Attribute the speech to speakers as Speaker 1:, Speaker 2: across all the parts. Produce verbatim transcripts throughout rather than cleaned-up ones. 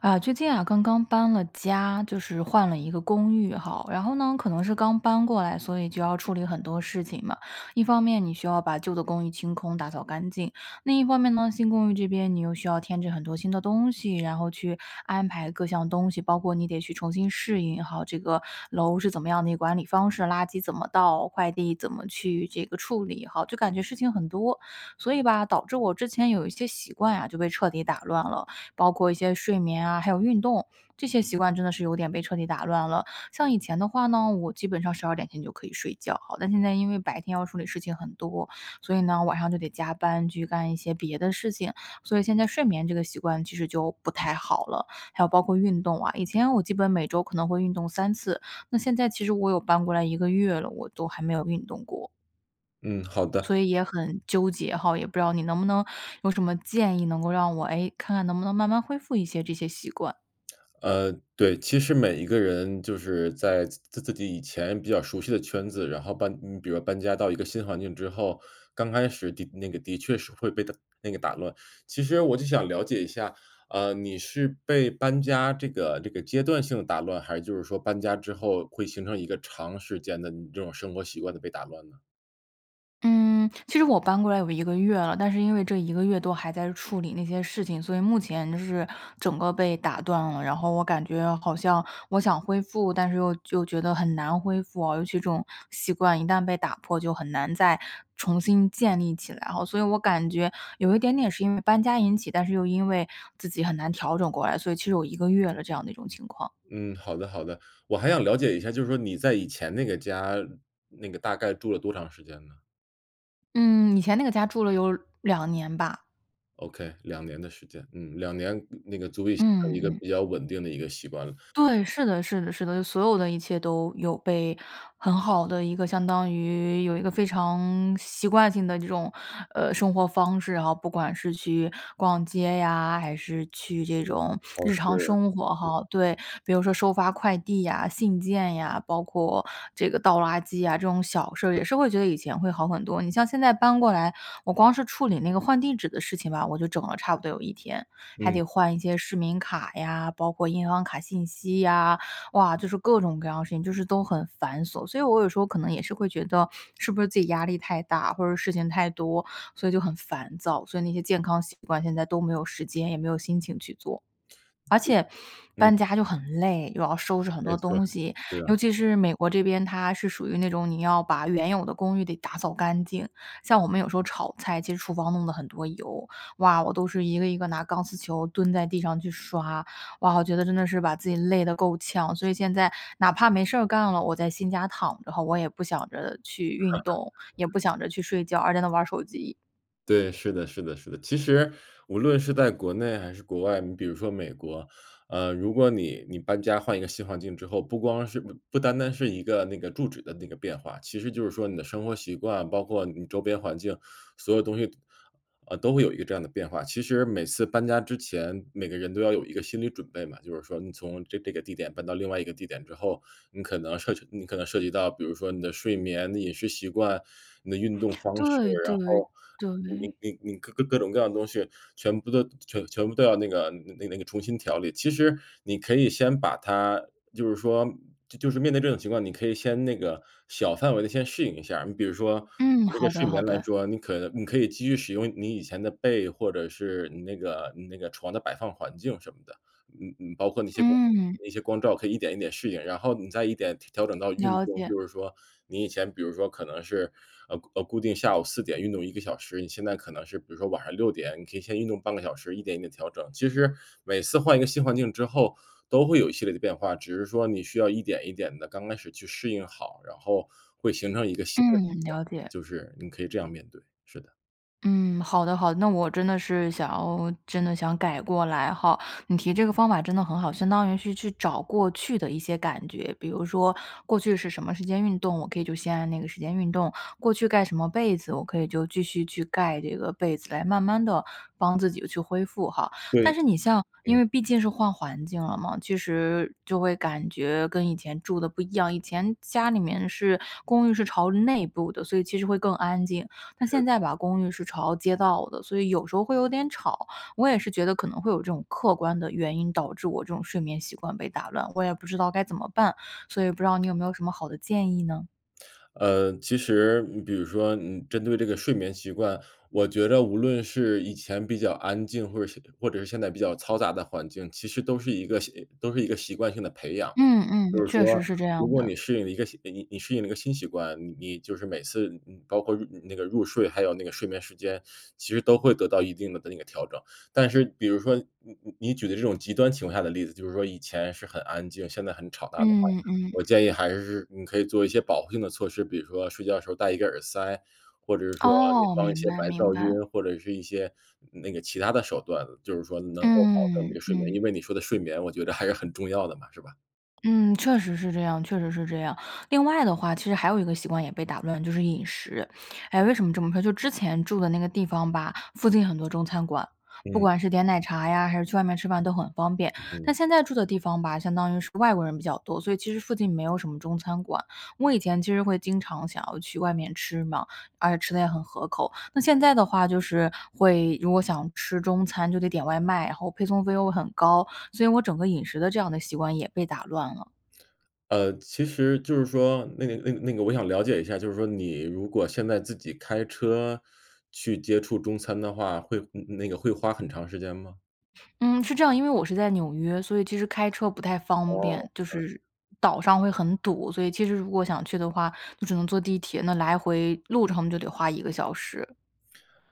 Speaker 1: 啊，最近啊，刚刚搬了家，就是换了一个公寓哈，然后呢，可能是刚搬过来，所以就要处理很多事情嘛。一方面你需要把旧的公寓清空、打扫干净，另一方面呢，新公寓这边你又需要添置很多新的东西，然后去安排各项东西。包括你得去重新适应哈，这个楼是怎么样的一个管理方式，垃圾怎么倒，快递怎么去这个处理哈，就感觉事情很多。所以吧，导致我之前有一些习惯啊，就被彻底打乱了。包括一些睡眠啊，还有运动，这些习惯真的是有点被彻底打乱了，像以前的话呢，我基本上十二点前就可以睡觉哈，但现在因为白天要处理事情很多，所以呢，晚上就得加班去干一些别的事情，所以现在睡眠这个习惯其实就不太好了。还有包括运动啊，以前我基本每周可能会运动三次，那现在其实我有搬过来一个月了，我都还没有运动过。
Speaker 2: 嗯，好的。
Speaker 1: 所以也很，纠结哈，也不知道你能不能有什么建议，能够让我，哎，看看能不能慢慢恢复一些这些习惯。
Speaker 2: 呃对，其实每一个人就是在自自己以前比较熟悉的圈子，然后搬你比如搬家到一个新环境之后，刚开始的那个的确是会被打那个打乱，其实我就想了解一下，呃，你是被搬家这个这个阶段性的打乱，还是就是说搬家之后，会形成一个长时间的你这种生活习惯的被打乱呢？
Speaker 1: 嗯，其实我搬过来有一个月了，但是因为这一个月都还在处理那些事情，所以目前就是整个被打断了。然后我感觉好像我想恢复，但是又又觉得很难恢复哦，尤其这种习惯一旦被打破，就很难再重新建立起来哈。所以我感觉有一点点是因为搬家引起，但是又因为自己很难调整过来，所以其实有一个月了，这样的一种情况。
Speaker 2: 嗯，好的好的。我还想了解一下，就是说你在以前那个家，那个大概住了多长时间呢？
Speaker 1: 嗯，以前那个家住了有两年吧。
Speaker 2: Okay，两年的时间。嗯，两年，那个足以形
Speaker 1: 嗯
Speaker 2: 成
Speaker 1: 嗯
Speaker 2: 一个
Speaker 1: 嗯。
Speaker 2: 比较稳定的一个习惯了。
Speaker 1: 对，是的是的是的，所有的一切都有被很好的一个相当于有一个非常习惯性的这种，呃，生活方式，然后不管是去逛街呀，还是去这种
Speaker 2: 尝
Speaker 1: 日
Speaker 2: 试
Speaker 1: 常生活
Speaker 2: 嗯。
Speaker 1: 哈。对，比如说收发快递呀、信件呀，包括这个倒垃圾呀，这种小事儿也是会觉得以前会好很多。你像现在搬过来，我光是处理那个换地址的事情吧，我就整了差不多有一天，还得
Speaker 2: 嗯。
Speaker 1: 换一些市民卡呀，包括银行卡信息呀。哇，就是各种各样的事情，就是都很繁琐，所以我有时候可能也是会觉得，是不是自己压力太大，或者事情太多，所以就很烦躁，所以那些健康习惯现在都没有时间，也没有心情去做。而且，
Speaker 2: 嗯。
Speaker 1: 搬家就很累，又要收拾很
Speaker 2: 没
Speaker 1: 多
Speaker 2: 错，
Speaker 1: 东西，
Speaker 2: 对
Speaker 1: 尤
Speaker 2: 啊。
Speaker 1: 其是美国这边，它是属于那种你要把原有的公寓得打扫干净，像我们有时候炒菜，其实厨房弄了很多油，哇，我都是一个一个拿钢丝球蹲在地上去刷。哇，我觉得真的是把自己累得够呛，所以现在哪怕没事儿干了，我在新家躺着的话，我也不想着去运 动，也不想着去睡觉，而在那玩儿手机。
Speaker 2: 对，是的是的是的。其实无论是在国内还是国外，你比如说美国，呃，如果你你搬家换一个新环境之后，不光是不不单单是一个那个住址的那个变化，其实就是说你的生活习惯，包括你周边环境，所有东西都呃，都会有一个这样的变化。其实每次搬家之前，每个人都要有一个心理准备嘛，就是说你从这个地点搬到另外一个地点之后，你可能涉及你可能涉及到，比如说你的睡眠、你饮食习惯、你的运动方式，
Speaker 1: 对
Speaker 2: 然
Speaker 1: 对，
Speaker 2: 后你
Speaker 1: 对。
Speaker 2: 你你各各种各样的东西全部都全全部都要那个那那个重新调理。其实你可以先把它就是说嗯就就是面对这种情况，你可以先那个小范围地先适应一下。你比如说
Speaker 1: 嗯，
Speaker 2: 那个
Speaker 1: 好的，
Speaker 2: 睡
Speaker 1: 好
Speaker 2: 眠来
Speaker 1: 的。
Speaker 2: 说，你可能你可以继续使用你以前的被或者是你那个你那个床的摆放环境什么的，嗯嗯，包括那些光
Speaker 1: 嗯。
Speaker 2: 那些光照可以一点一点适应，然后你再一点，调调整到运
Speaker 1: 了
Speaker 2: 动，
Speaker 1: 解。
Speaker 2: 就是说你以前比如说可能是呃，呃，固定下午四点运动一个小时，你现在可能是比如说晚上六点，你可以先运动半个小时，一点一点调整。其实每次换一个新环境之后，都会有一系列的变化，只是说你需要一点一点地刚开始去适应好，然后会形成一个新的习
Speaker 1: 嗯，
Speaker 2: 惯，
Speaker 1: 了解。
Speaker 2: 就是你可以这样面对，是的。
Speaker 1: 嗯，好的好的，那我真的是想要真的想改过来吼，你提这个方法真的很好，相当于是去找过去的一些感觉。比如说，过去是什么时间运动，我可以就先按那个时间运动，过去盖什么被子，我可以就继续去盖这个被子，来慢慢地帮自己去恢复哈。但
Speaker 2: 对，
Speaker 1: 是你像因
Speaker 2: 嗯。
Speaker 1: 为毕竟是换环境了嘛，其实就会感觉跟以前住的不一样，以前家里面是公寓是朝内部的，所以其实会更安静。但现
Speaker 2: 是。
Speaker 1: 在吧，公寓是朝街道的，所以有时候会有点吵，我也是觉得可能会有这种客观的原因，导致我这种睡眠习惯被打乱。我也不知道该怎么办，所以不知道你有没有什么好的建议呢？
Speaker 2: 呃，其实你比如说嗯，针对这个睡眠习惯，我觉着无论是以前比较安静，或者是或者是现在比较嘈杂的环境，其实都是一个习都是一个习惯性的培养。
Speaker 1: 嗯嗯，
Speaker 2: 就是
Speaker 1: 确
Speaker 2: 说，
Speaker 1: 实是这
Speaker 2: 如
Speaker 1: 样
Speaker 2: 果
Speaker 1: 的。
Speaker 2: 你适应了一个新你你适应了一个新习惯，你就是每次，你你包括那那个入睡，还有那个睡眠时间，其实都会得到一定的的那个调整。但是比如说你你你举的这种极端情况下的例子，就是说以前是很安静，现在很吵大的话，
Speaker 1: 嗯嗯。
Speaker 2: 我建议还是你可以做一些保护性的措施，比如说睡觉的时候戴一个耳塞，或者是说你
Speaker 1: 哦，
Speaker 2: 放一
Speaker 1: 明
Speaker 2: 些
Speaker 1: 白
Speaker 2: 白
Speaker 1: 明
Speaker 2: 噪
Speaker 1: 白。
Speaker 2: 音，或者是一些那那个其它的手段，就是说能够保证你这
Speaker 1: 嗯，
Speaker 2: 个睡眠，
Speaker 1: 嗯。
Speaker 2: 因为你说的睡眠我觉着还是很重要的嘛，是吧？
Speaker 1: 嗯，确实是这样确实是这样。另外的话，其实还有一个习惯也被打乱，就是饮食。哎，为什么这么说，就之前住的那个地方吧，附近很多中餐馆，不
Speaker 2: 嗯。
Speaker 1: 管是点奶茶呀，还是去外面吃饭都很方便。但
Speaker 2: 嗯。
Speaker 1: 现在住的地方吧，相当于是外国人比较多，所以其实附近没有什么中餐馆。我以前其实会经常想要去外面吃嘛，而且吃得也很合口，那现在的话，就是会如果想吃中餐就得点外卖，然后配送费又很高，所以我整个饮食的这样的习惯也被打乱了。
Speaker 2: 呃，其实就是说那个那个那个我想了解一下，就是说你如果现在自己开车去接触中餐的话，会那个会花很长时间吗？
Speaker 1: 嗯，是这样，因为我是在纽约，所以其实开车不太方
Speaker 2: 哦，
Speaker 1: 便，就
Speaker 2: 了解。
Speaker 1: 是岛上会很堵。所以其实如果想去的话，就只能坐地铁，那来回路程就得花一个小时。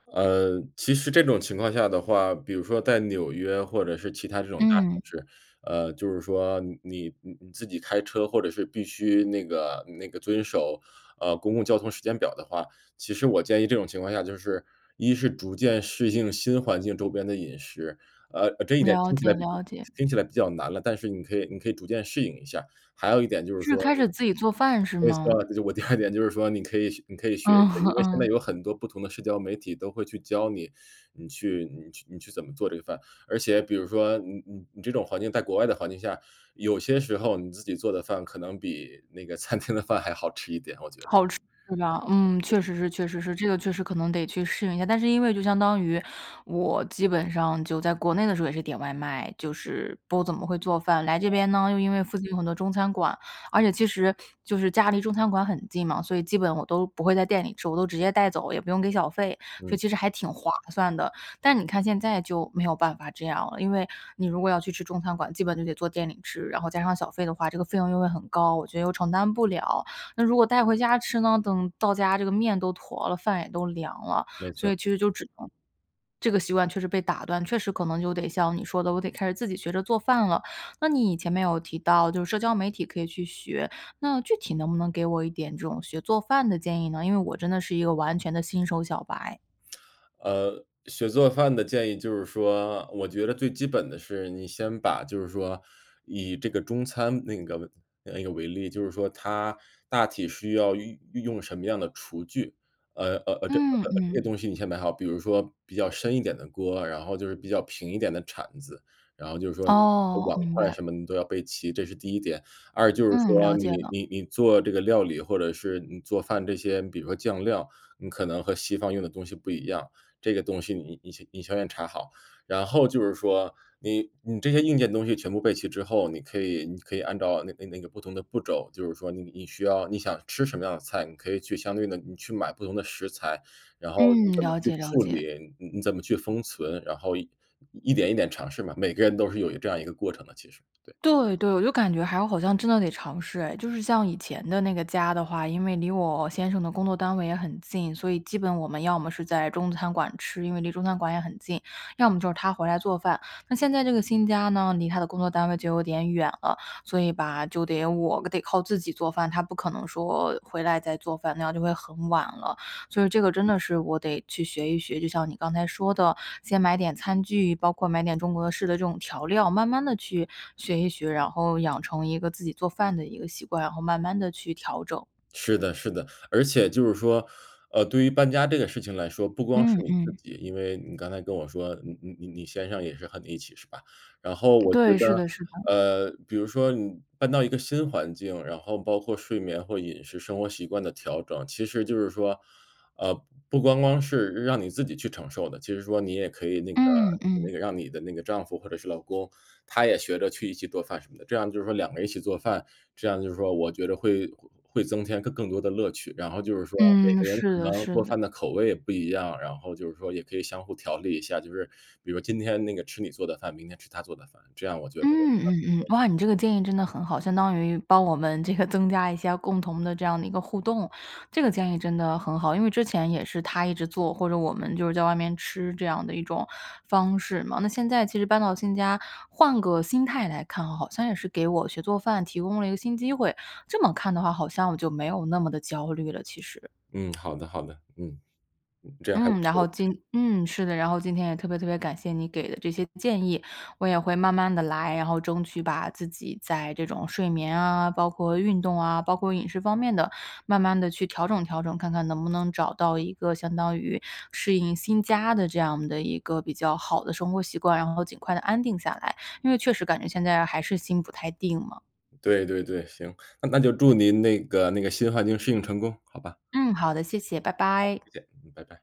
Speaker 2: 呃，其实这种情况下的话，比如说在纽约或者是其他这种大城
Speaker 1: 嗯。
Speaker 2: 市，呃，就是说你你自己开车或者是必须那个那个遵守，呃，公共交通时间表的话，其实我建议这种情况下就是，一是逐渐适应新环境周边的饮食。呃，这一点
Speaker 1: 了
Speaker 2: 听起
Speaker 1: 解
Speaker 2: 来
Speaker 1: 了解。
Speaker 2: 听起来比较难了，但是你可以你可以逐渐适应一下。还有一点就是
Speaker 1: 是
Speaker 2: 说
Speaker 1: 开始自己做饭是
Speaker 2: 没错
Speaker 1: 吗？
Speaker 2: 我第二点就是说你可以你可以学一学，
Speaker 1: 嗯，
Speaker 2: 因 为现在
Speaker 1: 嗯。
Speaker 2: 有很多不同的社交媒体都会去教你你去你你去怎么做这个饭，而且比如说你你你这种环境在国外的环境下，有些时候你自己做的饭可能比那个餐厅的饭还好吃一点，我觉得。
Speaker 1: 好吃，是吧。嗯，确实是
Speaker 2: [unintelligible]
Speaker 1: 确实是，这个确实可能得去适应一下，但是因为就相当于我基本上就在国内的时候也是点外卖，就是不怎么会做饭。来这边呢，又因为附近有很多中餐馆，而且其实就是家离中餐馆很近嘛，所以基本我都不会在店里吃，我都直接带走，也不用给小费，所以
Speaker 2: 嗯。
Speaker 1: 其实还挺划算的。但你看现在就没有办法这样了，因为你如果要去吃中餐馆，基本就得坐店里吃，然后加上小费的话，这个费用又会很高，我觉得又承担不了。那如果带回家吃呢，等到家这个面都坨了，饭也都凉了，
Speaker 2: 没
Speaker 1: 所
Speaker 2: 错。
Speaker 1: 以其实就只能这个习惯确实被打断，确实可能就得像你说的，我得开始自己学着做饭了。那你前面有提到就是社交媒体可以去学，那具体能不能给我一点这种学做饭的建议呢？因为我真的是一个完全的新手小白。
Speaker 2: 呃，学做饭的建议就是说，我觉得最基本的是你先把就是说以这个中餐那个那个为例，就是说它大体需要运运用什么样的厨具，呃呃呃，这
Speaker 1: 嗯
Speaker 2: 呃，这些
Speaker 1: 嗯。
Speaker 2: 东西你先买好，比如说比较深一点的锅，然后就是比较平一点的铲子，然后就是说
Speaker 1: 哦，
Speaker 2: 碗
Speaker 1: 明
Speaker 2: 筷
Speaker 1: 白。
Speaker 2: 什么你都要备齐，这是第一点。二就是
Speaker 1: 嗯，
Speaker 2: 说，
Speaker 1: 了解
Speaker 2: 你
Speaker 1: 了。
Speaker 2: 你你做这个料理，或者是你做饭这些，比如说酱料，你可能和西方用的东西不一样，这个东西你你你先要查好。然后就是说，你你这些硬件东西全部备齐之后，你可以你可以按照那个那个不同的步骤，就是说你你需要你想吃什么样的菜，你可以去相对地，你去买不同的食材，然后你
Speaker 1: 嗯，
Speaker 2: 怎么
Speaker 1: 了
Speaker 2: 去
Speaker 1: 解了
Speaker 2: 处
Speaker 1: 解。
Speaker 2: 理，你你怎么去封存，然后一点一点尝试嘛，每个人都是有这样一个过程的其实，对。
Speaker 1: 对对，我就感觉还好像真的得尝试哎。就是像以前的那个家的话，因为离我先生的工作单位也很近，所以基本我们要么是在中餐馆吃，因为离中餐馆也很近，要么就是他回来做饭。那现在这个新家呢，离他的工作单位就有点远了，所以吧，就得我得靠自己做饭，他不可能说回来再做饭，那样就会很晚了。所以这个真
Speaker 2: 嗯。
Speaker 1: 的是我得去学一学，就像你刚才说的，先买点餐具，包括买点中国式的这种调料，慢慢地去学一学，然后养成一个自己做饭的一个习惯，然后慢慢地去调整。
Speaker 2: 是的是的。而且就是说，呃，对于搬家这个事情来说，不光是
Speaker 1: 嗯
Speaker 2: 你自
Speaker 1: 嗯。
Speaker 2: 己，因为你刚才跟我说你你你先生也是和你一起，是吧？然后我觉
Speaker 1: 对，是
Speaker 2: 得，
Speaker 1: 的是的。
Speaker 2: 呃，比如说你搬到一个新环境，然后包括睡眠或饮食、生活习惯的调整，其实就是说，呃，不光光是让你自己去承受的。其实说你也可以那个
Speaker 1: 嗯嗯。
Speaker 2: 那个让你的那个丈夫或者是老公，他也学着去一起做饭什么的，这样就是说两个人一起做饭，这样就是说我觉着会会增添更多的乐趣。然后就是说每
Speaker 1: 嗯，
Speaker 2: 个人
Speaker 1: 是
Speaker 2: 可
Speaker 1: 的
Speaker 2: 能
Speaker 1: 是
Speaker 2: 做
Speaker 1: 的。
Speaker 2: 饭的口味也不一样，然后就是说也可以相互调理一下，就是比如今天那个吃你做的饭，明天吃他做的饭，这样我觉得 [unintelligible]
Speaker 1: 嗯
Speaker 2: 不
Speaker 1: 嗯嗯。
Speaker 2: 错的。
Speaker 1: 哇，你这个建议真的很好，相当于帮我们这个增加一下共同的这样的一个互动。这个建议真的很好，因为之前也是他一直做，或者我们就是在外面吃这样的一种方式嘛。那现在其实搬到新家换个心态来看，好像也是给我学做饭提供了一个新机会，这么看的话好像我就没有那么的焦虑了其实。
Speaker 2: 嗯，好的好的。嗯，这样还不
Speaker 1: 嗯，然
Speaker 2: 错
Speaker 1: 后
Speaker 2: 的，其
Speaker 1: 今
Speaker 2: 实。
Speaker 1: 嗯，是的，然后今天也特别特别感谢你给的这些建议，我也会慢慢地来，然后争取把自己在这种睡眠啊，包括运动啊，包括饮食方面的，慢慢地去调整调整，看看能不能找到一个相当于适应新家的这样的一个比较好的生活习惯，然后尽快地安定下来，因为确实感觉现在还是心不太定嘛。
Speaker 2: 对对对，行，那那就祝您那个那个新环境适应成功，好吧。
Speaker 1: 嗯，好的，谢谢，拜
Speaker 2: 好，
Speaker 1: 拜。
Speaker 2: 再见，嗯，拜拜。